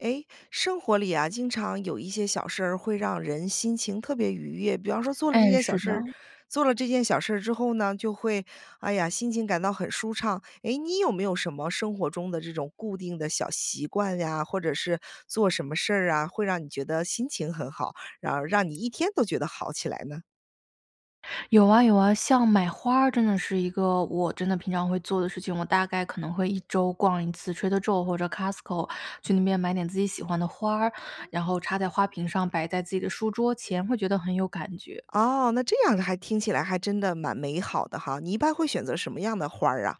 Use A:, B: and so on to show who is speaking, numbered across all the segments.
A: 诶，生活里啊，经常有一些小事儿，会让人心情特别愉悦。比方说做了这
B: 哎，
A: 件小
B: 是
A: 事儿
B: 的。
A: 做了这件小事儿之后呢，就会，哎呀，心情感到很舒畅。诶，你有没有什么生活中的这种固定的小习惯呀，或者是做什么事儿啊，会让你觉得心情很好，然后让你一天都觉得好起来呢？
B: 有啊，有啊。像买花儿，真的是一个我真的平常会做的事情，我大概可能会1周逛1次 Trader Joe 或者 Costco，去那边买点自己喜欢的花儿，
A: 哇。
B: 然后插在花瓶上摆在自己的书桌前，会觉得很有感觉。
A: 哦，那这样还听起来还真的蛮美好的哈，你一般会选择什么样的花儿啊？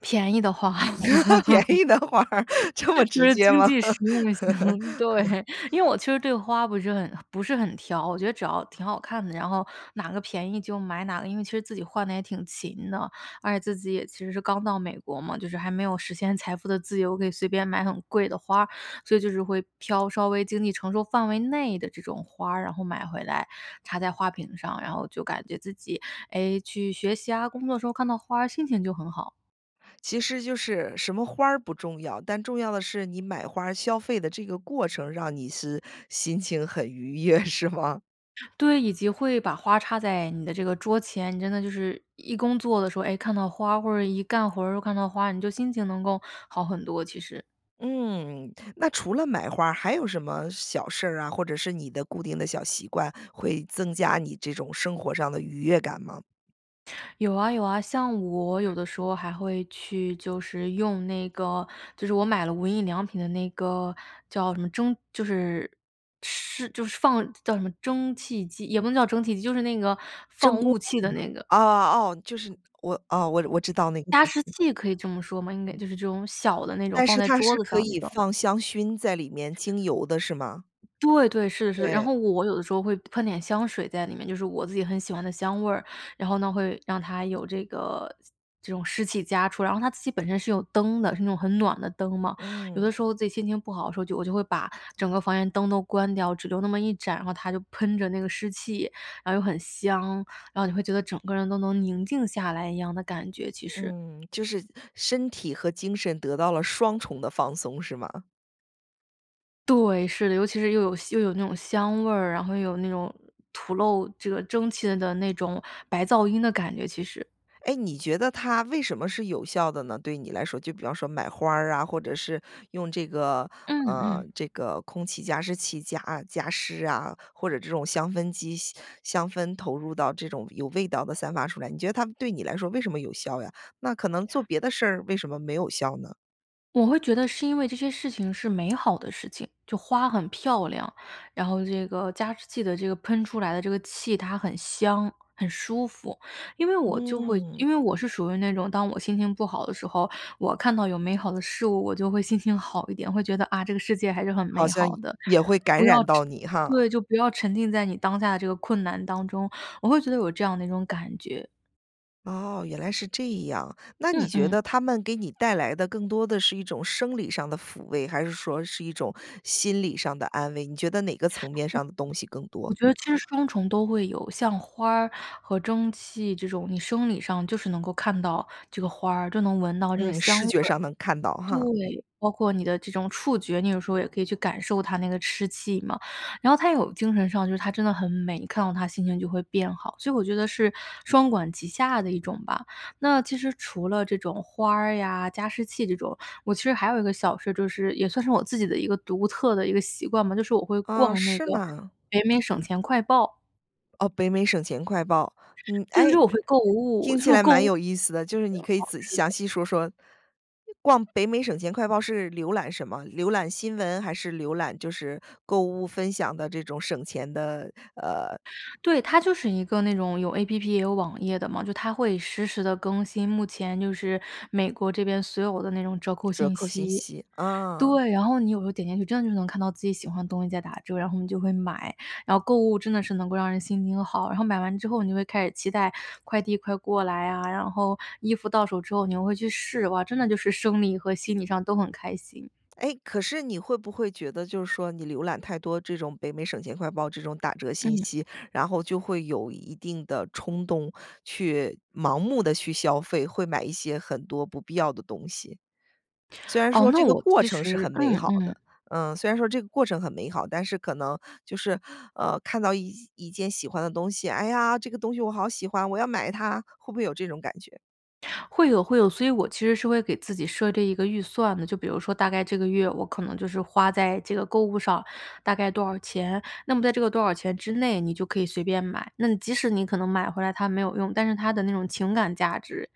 B: 便宜的花。
A: 便 宜的花儿。这么直 接
B: 经
A: 吗？
B: 济实用型，对。因为 我其实对花不是很不是很挑，我觉得只要挺好看的，然后哪个便宜就买哪个，因为其实自己换得也挺勤的。而且自己也其实是刚到美国嘛，就是还没有实现财富的自由，可以随便买很贵的花儿，所以就是会挑稍微经济承受范围内的这种花儿。然后买回来插在花瓶上，然后就感觉自己，诶，去学习啊，工作的时候看到花儿心情就很好。
A: 其实就是什么花儿不重要，但重要的是，你买花儿消费的这个过程，让你是心情很愉悦，是吗？
B: 对，以及会把花儿插在你的这个桌前，你真的就是，一工作的时候，诶，看到花儿或者一干活儿又看到花儿，你就心情能够好很多，其实。
A: 嗯，那除了买花儿，还有什么小事儿啊，或者是你的固定的小习惯，会增加你这种生活上的愉悦感吗？
B: 有啊，有啊，像
A: 嗯，
B: 我有的时
A: 嗯。
B: 候还会去就是用那个就是我买了无印良品的那个叫什么蒸就是是就是放叫什么蒸汽机也不能叫蒸汽机，就是那个
A: 蒸
B: 放
A: 锅
B: 雾
A: 是吗？
B: 气的那个。
A: 哦哦，就是我，哦，我我知道那个
B: 加
A: 就是
B: 湿器可以这么说吗？应该就是这种小的那种
A: 但
B: 放
A: 是
B: 在
A: 它
B: 桌
A: 是
B: 子
A: 可
B: 上那
A: 以
B: 种。
A: 放香薰在里面，精油的是吗？
B: 对，对，是是，然
A: 对。
B: 后我我有的时候会喷点香水在里面，就是我自己很喜欢的香味儿，然后呢，会让它有这个这种湿气加出。然后它自己本身是有灯的，是那种很暖的灯嘛，有的
A: 嗯。
B: 时候自己心情不好的时候，就我就会把整个房间灯都关掉，只留那么一盏，然后它就喷着那个湿气，然后又很香，然后你会觉得整个人都能宁静下来一样的感觉，其实。
A: 嗯，就是身体和精神得到了双重的放松是吗？
B: 对，是的，尤其是又有又有那种香味儿，然后又有那种吐露这个蒸汽的那种白噪音的感觉，其实。
A: 诶，你觉得它为什么是有效的呢？对你来说，就比方说买花儿啊，或者是用这个
B: 嗯，
A: 呃，
B: 嗯。
A: 这个空气加湿器加加湿啊，或者这种香氛机香香氛投入到这种有味道的散发出来。你觉得它对你来说为什么有效呀？那可能做别的事儿为什么没有效呢？
B: 我会觉得是因为这些事情是美好的事情，就花很漂亮，然后这个加湿器的这个喷出来的这个气，它很香、很舒服。因为我就会
A: 嗯。
B: 因为我是属于那种当我心情不好的时候，我看到有美好的事物，我就会心情好一点，会觉得：“啊，这个世界还是很
A: 好
B: 美
A: 像
B: 好
A: 也
B: 的。”
A: 也会感
B: 不要
A: 染到
B: 沉
A: 你哈。
B: 对，就不要沉浸在你当下的这个困难当中，我会觉得有这样的一种感觉。
A: 哦，原来是这样。那你
B: 嗯，
A: 觉
B: 嗯。
A: 得它们给你带来的更多的是一种生理上的抚慰，还是说是一种心理上的安慰，你觉得哪个层面
B: 我
A: 上的东西更多？
B: 我觉得其实双重都会有。像花儿和蒸汽这种，你生理上就是能够看到这个花儿，就能闻到这个
A: 嗯，
B: 香
A: 视
B: 味
A: 觉
B: 儿
A: 上能看到哈。
B: 对，包括你的这种触觉，你有时候也可以去感受它那个湿气嘛。然后它有精神上就是它真的很美，一看到它心情就会变好，所以我觉得是双管齐下的一种吧。那其实除了这种花儿呀、加湿器这种。我其实还有一个小事儿，就是也算是我自己的一个独特的一个习惯吧，就是我会
A: 哦，
B: 逛那
A: 是
B: 个
A: 吗？
B: 北美省钱快报。
A: 哦，北美省钱快报，嗯。
B: 对，就
A: 哎，
B: 是我会购物，
A: 听
B: 就
A: 起
B: 是
A: 来
B: 购
A: 蛮
B: 物
A: 有意思的，就是
B: 行，
A: 你可以
B: 好，
A: 仔细
B: 是的。
A: 详细说说，逛北美省钱快报是浏览什么？浏览新闻还是浏览就是购物分享的这种省钱的，呃
B: 对，它就是一个那种有 APP，也有网页的嘛，就它会实时地更新，目前就是，美国这边所有的那种折扣
A: 折
B: 信
A: 扣信
B: 息。
A: 息，啊。
B: 对，然后你有时候点进去真的就能看到自己喜欢的东西在打折，然后你就会买，然后购物真的是能够让人心情好。然后买完之后你就会开始期待，快递快过来啊，然后衣服到手之后你又会去试，哇，真的就是生理和心理上都很开心。
A: 哎，可是你会不会觉得就是说你浏览太多这种北美省钱快报这种打折信
B: 嗯。
A: 息，然后就会有一定的冲动，去盲目地去消费，会买一些很多不必要的东西？虽然
B: 哦，
A: 说
B: 那
A: 这个
B: 我
A: 过
B: 其
A: 程是
B: 实
A: 很美
B: 嗯，
A: 好的
B: 嗯。
A: 呃，虽然说这个过程很美好但是可能，就是，呃，看到一一件喜欢的东西，哎呀，这个东西我好喜欢，我要买它，会不会有这种感觉？
B: 会有，会有，所以我其实是会给自己设置一个预算的。就比如说大概这个月我可能就是花在这个购物上大概多少钱，那么在这个多少钱之内你就可以随便买。那你即使你可能买回来它没有用，但是它的那种情感价值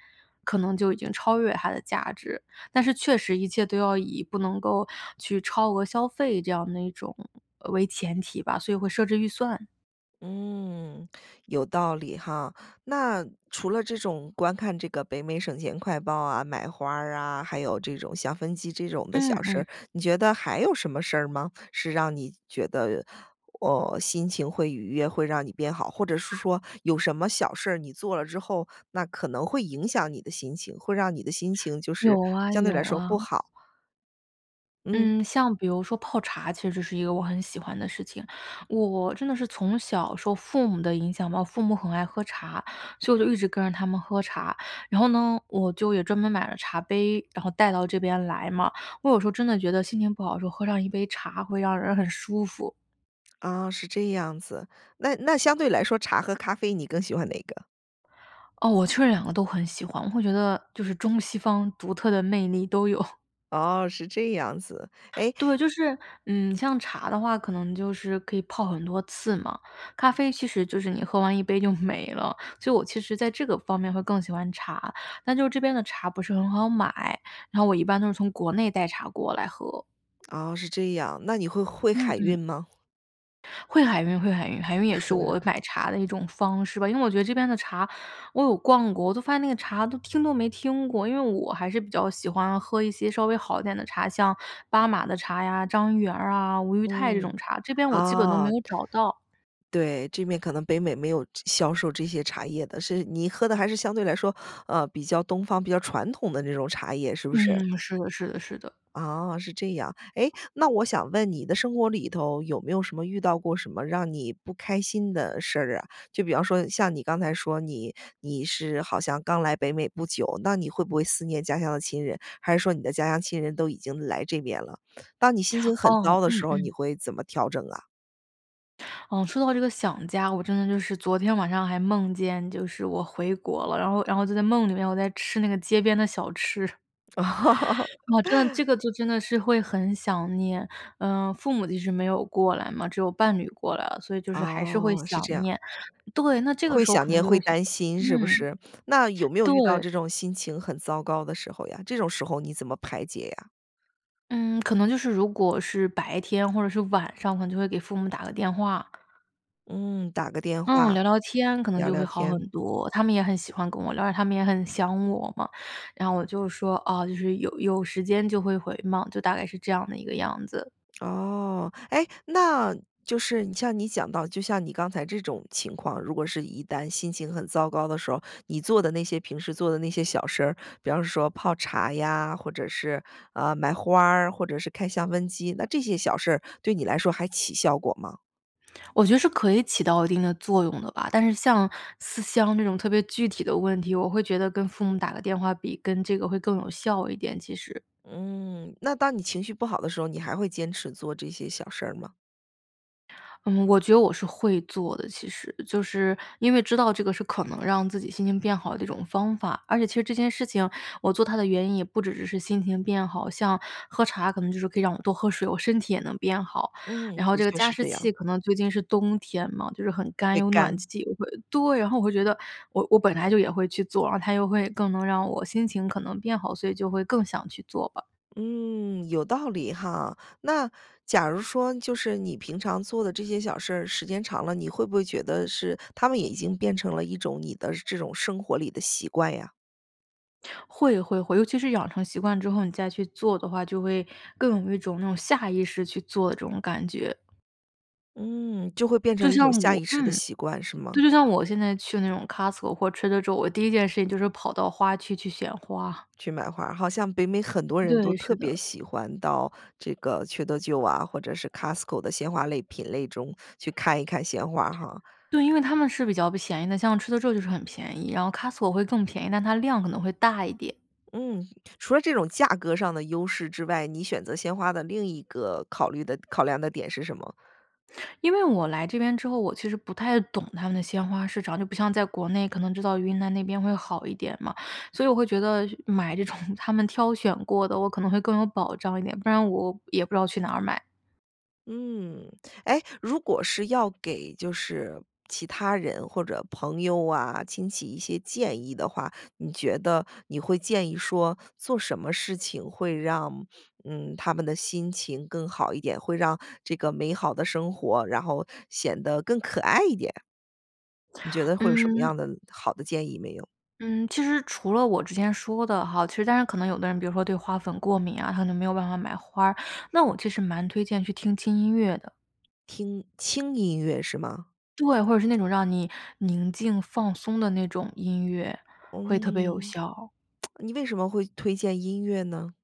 B: 可能就已经超越它的价值，但是确实一切都要以不能够去超额消费这样的一种呃，为前提吧，所以会设置预算。
A: 嗯，有道理哈。那除了这种观看这个北美省钱快报啊，买花儿啊，还有这种像分期这种的
B: 嗯，
A: 小事
B: 嗯。
A: 儿，你觉得还有什么事儿吗？是让你觉得，哦，心情会愉悦，会让你变好。或者是说有什么小事儿你做了之后，那可能会影响你的心情，会让你的心情就是
B: 有啊，
A: 相对
B: 有
A: 来说
B: 啊。
A: 不好。嗯。
B: 嗯，像比如说泡茶其实是一个我很喜欢的事情。我我真的是从小受父母的影响吧，我父母很爱喝茶，所以我就一直跟着他们喝茶。然后呢，我就也专门买了茶杯，然后带到这边来嘛。我有时候真的觉得心情不好的时候喝上一杯茶会让人很舒服。
A: 啊，是这样子。那那相对来说茶和咖啡你更喜欢哪个？
B: 哦，我确实两个都很喜欢，我会觉得，就是中西方独特的魅力都有。
A: 哦，是这样子，诶
B: 对，就是嗯，像茶的话可能就是可以泡很多次嘛，咖啡其实就是你喝完一杯就没了，所以我其实在这个方面会更喜欢茶。但就这边的茶不是很好买，然后我一般都是从国内带茶过来喝。
A: 哦，是这样，那你会会会
B: 嗯，
A: 海运
B: 嗯。
A: 吗？
B: 会海运，会海运，海运也是我 买茶的一种方式吧。因为我觉得这边的茶我有逛过，我都发现那个茶都听都没听过。因为我还是比较喜欢喝一些稍微好一点的茶，像八马的茶呀、张一元啊、吴裕泰这种
A: 嗯，
B: 茶，这边我基本都没
A: 哦，
B: 有找到。
A: 对。这边可能北美没有这销售这些茶叶的，是你喝的还是相对来说，呃，比较东方、比较传统的那种茶叶，是不是？
B: 嗯，是的，是的，是的。
A: 啊，是这样。诶，那我想问你的生活里头有没有什么遇到过什么让你不开心的事儿啊？就比方说像你刚才说你你是好像刚来北美不久，那你会不会思念家乡的亲人？还是说你的家乡亲人都已经来这边了。当你心情很
B: 哦，
A: 糟的
B: 嗯，
A: 时候，你
B: 嗯。
A: 会怎么调整啊？
B: 嗯，说到这个想家，我真的就是昨天晚上还梦见就是我回国了，然后然后就在梦里面，我在吃那个街边的小吃。我真的 这个就真的是会很想念。呃，父母其实没有过来嘛，只有伴侣过来了，所以就是还是会
A: 哦，是
B: 想
A: 这样。
B: 念。对，那这个
A: 会
B: 时候
A: 想
B: 可能
A: 念、
B: 就
A: 会
B: 会
A: 担心，是不
B: 嗯，
A: 是？那有没有遇到
B: 对。
A: 这种心情很糟糕的时候呀，这种时候你怎么排解呀？
B: 嗯，可能就是如果是白天或者是晚上，可能就会给父母打个电话。
A: 嗯，打个电
B: 嗯，
A: 话，
B: 聊聊天可能
A: 聊
B: 就
A: 聊
B: 会好很
A: 天。
B: 多，他们也很喜欢跟我聊，因为他们也很想我嘛。然后我就说：“啊，就是有有时间就会回嘛。”就大概是这样的一个样子。
A: 哦。诶，那就是像你讲到，就像你刚才这种情况，如果是一旦心情很糟糕的时候，你做的那些平时做的那些小事儿，比方说泡茶呀，或者是，呃，买花儿，或者是开香氛机，那这些小事儿，对你来说还起效果吗？
B: 我觉得是可以起到一定的作用的吧，但是像思乡这种特别具体的问题，我会觉得跟父母打个电话比跟这个会更有效一点，其实。
A: 嗯，那当你情绪不好的时候，你还会坚持做这些小事儿吗？
B: 嗯，我觉得我是会做的，其实，就是因为知道这个是可能让自己心情变好的一种方法。而且其实这件事情，我做它的原因也不只只是心情变好，像喝茶可能就是可以让我多喝水，我身体也能变好。
A: 嗯，
B: 然后
A: 的
B: 这个
A: 确
B: 加
A: 是
B: 湿
A: 这样。
B: 器可能最近是冬天嘛，就是很干，
A: 会
B: 有暖
A: 干。
B: 气，又会对，然后我会觉得我我本来就也会去做，然后它又会更能让我心情可能变好，所以就会更想去做吧。
A: 嗯，有道理哈。那假如说就是你平常做的这些小事儿时间长了，你会不会觉得是它们已经变成了一种你的这种生活里的习惯呀？
B: 会，会，会，尤其是养成习惯之后，你再去做的话，就会更有一种那种下意识去做的这种感觉。
A: 嗯，就会变
B: 就
A: 成一
B: 像
A: 种下
B: 我
A: 意识的
B: 嗯，
A: 习惯是
B: 对，
A: 吗？
B: 就像我现在去那种 Costco 或者 Trader Joe，我第一件事情就是跑到花区去选花。
A: 去买花，好像北美很多人都
B: 对，是
A: 特别
B: 的。
A: 喜欢到这个 Trader Joe 啊，或者是 Costco 的鲜花类品类中去看一看鲜花哈？
B: 对，因为它们是比较便宜的，像 Trader Joe 就是很便宜，然后 Costco 会更便宜，但它量可能会大一点。
A: 嗯，除了这种价格上的优势之外，你选择鲜花的另一个考虑的考量的点是什么？
B: 因为我来这边之后，我其实不太懂他们的鲜花市场，就不像在国内可能知道云南那边会好一点嘛。所以我会觉得买这种他们挑选过的，我可能会更有保障一点，不然我也不知道去哪儿买。
A: 嗯。诶，如果是要给就是其他人或者朋友啊、亲戚一些建议的话，你觉得你会建议说做什么事情会让，嗯，他们的心情更好一点，会让这个美好的生活，然后显得更可爱一点？你觉得会有什么
B: 嗯
A: 样的好的建议没有？
B: 嗯，其实除了我之前说的哈，其实当然可能有的人比如说对花粉过敏啊，他可能没有办法买花儿，那我其实蛮推荐去听轻音乐的。
A: 听轻音乐是吗？
B: 对，或者是那种让你宁静放松的那种音乐，会特别有
A: 嗯。
B: 效。
A: 你为什么会推荐音乐呢？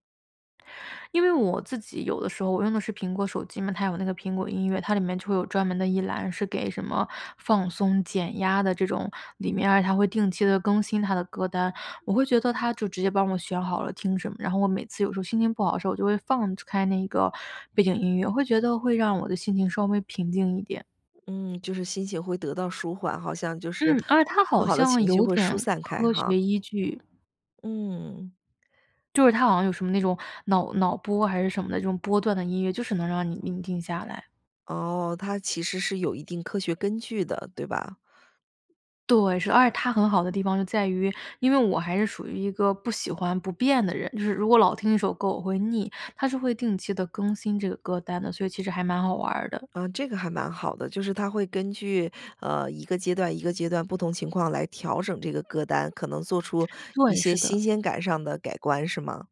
B: 因为我自己有的时候我用的是苹果手机嘛，它有那个苹果音乐，它里面就会有专门的一栏是给什么放松减压的这种，里面儿它会定期地更新它的歌单，我会觉得它就直接帮我选好了听什么。然后我每次有时候心情不好的时候，我就会放开那个背景音乐，我会觉得会让我的心情稍微平静一点。
A: 嗯，就是心情会得到舒缓，好像就是
B: 嗯，而且它
A: 不
B: 好
A: 好的
B: 像
A: 情绪
B: 有
A: 会疏
B: 点
A: 散开
B: 科
A: 哈。
B: 学依据。
A: 嗯。
B: 就是他好像有什么那种脑脑波还是什么的这种波段的音乐，就是能让你宁静下来。
A: 哦，它其实是有一定科学根据的，对吧？
B: 对，是，而且它很好的地方就在于，因为我还是属于一个不喜欢不变的人，就是如果老听一首歌我会腻，它是会定期地更新这个歌单的，所以其实还蛮好玩儿的。
A: 嗯，这个还蛮好的。就是它会根据，呃，一个阶段一个阶段不同情况来调整这个歌单，可能做出一
B: 对，
A: 些
B: 是
A: 新
B: 的。
A: 鲜感上的改观，是吗？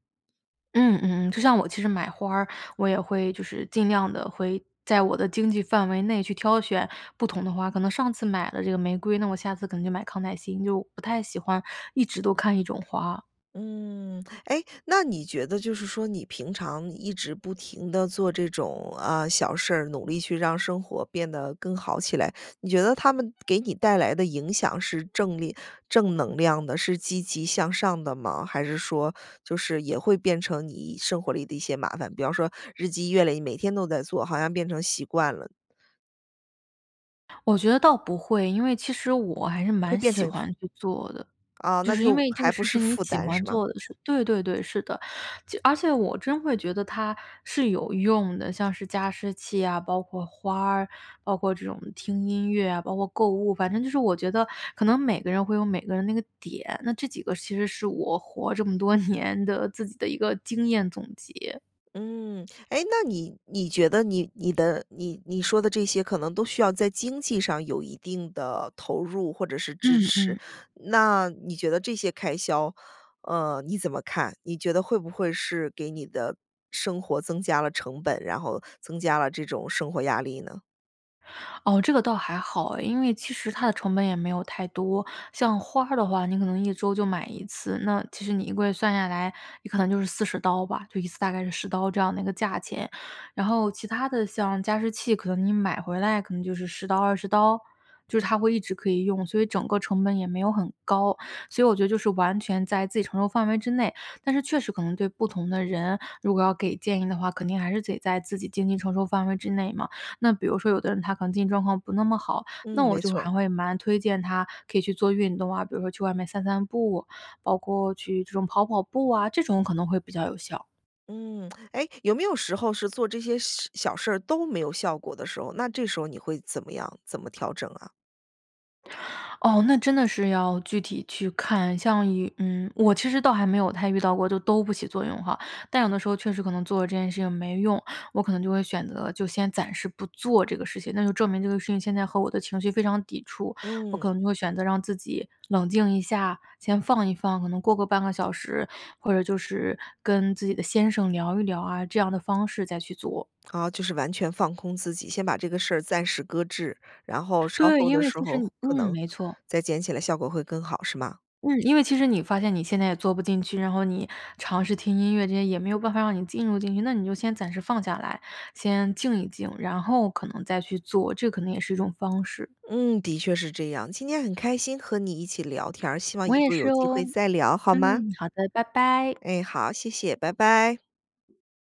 B: 嗯，嗯嗯。就像我其实买花儿，我也会就是尽量地会在我的经济范围内去挑选不同的花。可能上次买了这个玫瑰，那我下次可能就买康乃馨，就不太喜欢一直都看一种花。
A: 嗯。诶，那你觉得就是说你平常一直不停地做这种，啊，小事，努力去让生活变得更好起来。你觉得他们给你带来的影响是正力正能量的，是积极向上的吗？还是说就是也会变成你一生活里的一些麻烦，比方说日积月累，每天都在做，好像变成习惯了。
B: 我觉得倒不会。因为其实我还是
A: 会
B: 蛮
A: 变成
B: 喜
A: 负
B: 欢去做的，
A: 啊，
B: 就
A: 那
B: 是因
A: 就
B: 为这个
A: 还不
B: 事
A: 是
B: 是你
A: 负
B: 喜
A: 担
B: 欢
A: 是吗？
B: 做的事对，对，对，是的。就而且我真会觉得它是有用的，像是加湿器啊，包括花儿，包括这种听音乐啊，包括购物，反正就是我觉得可能每个人会有每个人那个点。那这几个其实是我活这么多年的自己的一个经验总结。
A: 嗯。诶，那你你觉得你你的你你说的这些可能都需要在经济上有一定的投入，或者是支
B: 嗯，
A: 持。
B: 嗯。
A: 那你觉得这些开销，呃，你怎么看？你觉得会不会是给你的生活增加了成本，然后增加了这种生活压力呢？
B: 哦，这个倒还好哎。因为其实它的成本也没有太多，像花儿的话你可能1周就买1次，那其实你1个月算下来，你可能就是40刀吧，就一次大概是10刀这样的一个价钱。然后其它的，像加湿器，可能你买回来可能就是10刀、20刀，就是它会一直可以用，所以整个成本也没有很高。所以我觉得就是完全在自己承受范围之内，但是确实可能对不同的人，如果要给建议的话，肯定还是得在自己经济承受范围之内嘛。那比如说有的人他可能经济状况不那么好，那
A: 嗯，没
B: 我就
A: 错。
B: 还会蛮推荐他可以去做运动啊，比如说去外面散散步，包括去这种跑跑步啊，这种可能会比较有效。
A: 嗯。诶，有没有时候是，做这些事小事儿，都没有效果的时候，那这时候你会怎么样怎么调整啊？
B: 哦，那真的是要具体去看，像有嗯，我其实倒还没有太遇到过，就都不起作用哈。但有的时候确实可能做了这件事情没用，我可能就会选择，就先暂时不做这个事情，那就证明这个事情现在和我的情绪非常抵触。我
A: 嗯。
B: 可能就会选择让自己冷静一下，先放一放，可能过个半个小时，或者就是跟自己的先生聊一聊啊，这样的方式再去做。
A: 哦，就是完全放空自己，先把这个事儿暂时搁置，然后稍
B: 对，
A: 后
B: 因
A: 的
B: 为
A: 时
B: 它是你
A: 候，可
B: 嗯，
A: 能
B: 没错。
A: 再捡起来效果会更好，是吗？
B: 嗯，因为其实你发现你现在也做不进去，然后你尝试听音乐这些也没有办法让你进入进去。那你就先暂时放下来，先静一静，然后可能再去做，这可能也是一种方式。
A: 嗯，的确是这样。今天很开心和你一起聊天儿。希望以
B: 我也
A: 后
B: 是
A: 有机
B: 哦。
A: 会再聊，好
B: 嗯，
A: 吗？
B: 好的，拜拜。
A: 哎，好，谢谢，拜拜。